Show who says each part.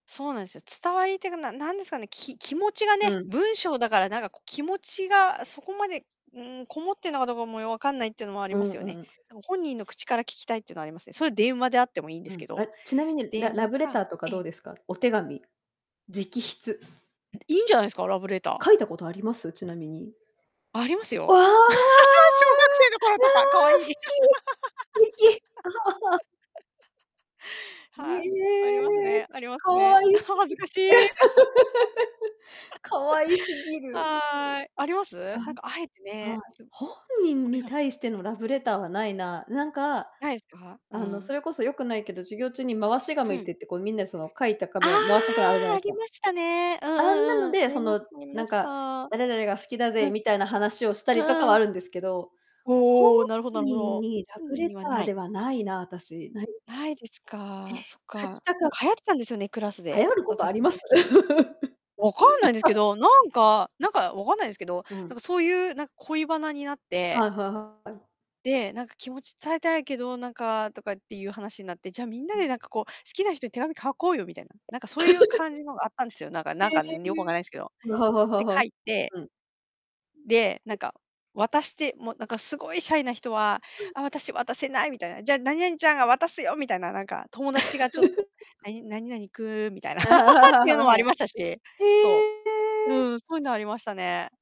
Speaker 1: そうなんですよ。伝わりっていうか、な何ですかね、き気持ちが
Speaker 2: う
Speaker 1: ね、
Speaker 2: ん。
Speaker 1: 文章だからなんかこう気持ちがそこまで、うん、こもってんのかどうかもよう分かんないっていうのもあり
Speaker 2: う
Speaker 1: ま
Speaker 2: ん
Speaker 1: すよ
Speaker 2: う
Speaker 1: ね。
Speaker 2: ん。
Speaker 1: なんか本人の口から聞きたいっていうのはありますね。それは電話であってもいいんで
Speaker 2: う
Speaker 1: す
Speaker 2: ん。
Speaker 1: けど。
Speaker 2: あ、ちなみに、ラ
Speaker 1: 電
Speaker 2: ラ
Speaker 1: 話
Speaker 2: ブレ
Speaker 1: か
Speaker 2: ターとか
Speaker 1: え
Speaker 2: ど
Speaker 1: え。
Speaker 2: うですか？お手紙。直筆。
Speaker 1: いいんじゃないですか、ラブレター。
Speaker 2: 書いたことあります？ちなみに。
Speaker 1: ありますよ。
Speaker 2: わあ！ああ！
Speaker 1: 小学生の頃とか。可愛い。
Speaker 2: 好き。てき。ね
Speaker 1: はい。ありますね
Speaker 2: え。
Speaker 1: あります
Speaker 2: 可
Speaker 1: ね。
Speaker 2: 愛す
Speaker 1: 恥
Speaker 2: ぎ。
Speaker 1: ずかしい。
Speaker 2: 可愛す ぎ
Speaker 1: [unintelligible]
Speaker 2: る。
Speaker 1: はい、あります？
Speaker 2: あ、
Speaker 1: なんかあえて
Speaker 2: は
Speaker 1: ね、
Speaker 2: い。本
Speaker 1: [unintelligible] お
Speaker 2: 人
Speaker 1: て
Speaker 2: に
Speaker 1: が
Speaker 2: 対してのラブレターはないな。なんか、
Speaker 1: ないですか？う
Speaker 2: あの
Speaker 1: ん。
Speaker 2: それこそよくないけど、授業中に回し
Speaker 1: う
Speaker 2: 紙っ
Speaker 1: ん。
Speaker 2: ていって、こうみんなその書いた
Speaker 1: あ
Speaker 2: 紙を回してくのあるじゃな
Speaker 1: あ、
Speaker 2: いで
Speaker 1: あ
Speaker 2: す
Speaker 1: り
Speaker 2: か。
Speaker 1: ましたね。うん
Speaker 2: あんなの
Speaker 1: うんうん、あ
Speaker 2: で、そ
Speaker 1: りま
Speaker 2: の
Speaker 1: したあり
Speaker 2: な
Speaker 1: ま
Speaker 2: ん
Speaker 1: し
Speaker 2: か、
Speaker 1: た。うん。
Speaker 2: 誰々が好きだぜみたいな話をした
Speaker 1: う
Speaker 2: りとか
Speaker 1: ん
Speaker 2: は
Speaker 1: う
Speaker 2: あ
Speaker 1: ん。
Speaker 2: るんですけど、本
Speaker 1: おお、なるほどなるほ
Speaker 2: 人
Speaker 1: ど。
Speaker 2: にラ
Speaker 1: 本
Speaker 2: ブ
Speaker 1: 人
Speaker 2: レ
Speaker 1: に
Speaker 2: タ
Speaker 1: は
Speaker 2: ー
Speaker 1: ない。
Speaker 2: ではないな、私。ないですね。
Speaker 1: ないですか。そっ
Speaker 2: え、書き
Speaker 1: か。
Speaker 2: たか
Speaker 1: なん
Speaker 2: っ
Speaker 1: か流行ってたんですよね、クラス
Speaker 2: 流
Speaker 1: で。
Speaker 2: 行ることあ
Speaker 1: 私
Speaker 2: り
Speaker 1: の
Speaker 2: ます？
Speaker 1: 時。分かんないんですけど、なんか、なんか分かんないんですけど、
Speaker 2: う
Speaker 1: なん
Speaker 2: ん。
Speaker 1: かそういうなん恋バナになって。
Speaker 2: はいはいはい。
Speaker 1: で、なんか気持ち伝えたいけど、なんかとかっていう話になって、じゃ、みんなでなんかこう好きな人に手紙書こうよみたいな。なんかそういう感じのがあったんですよ、なんか
Speaker 2: え
Speaker 1: な
Speaker 2: え。
Speaker 1: んかよく分からないんですけど。
Speaker 2: うははは
Speaker 1: で、書
Speaker 2: は、
Speaker 1: いて
Speaker 2: うん。
Speaker 1: で、なんか渡して、もうなんかすごいシャイな人は、
Speaker 2: うん。
Speaker 1: 「あ、私渡せない」みたいな。「じゃあ、何々ちゃんが渡すよ」みたいな。なんか友達が「ちょっと、何何々君」みたいな っ
Speaker 2: はいはいはい
Speaker 1: ていうの
Speaker 2: はいはい
Speaker 1: もあり
Speaker 2: はい。
Speaker 1: ましたし。そう。
Speaker 2: へえ。
Speaker 1: うん、そういうのはありましたね。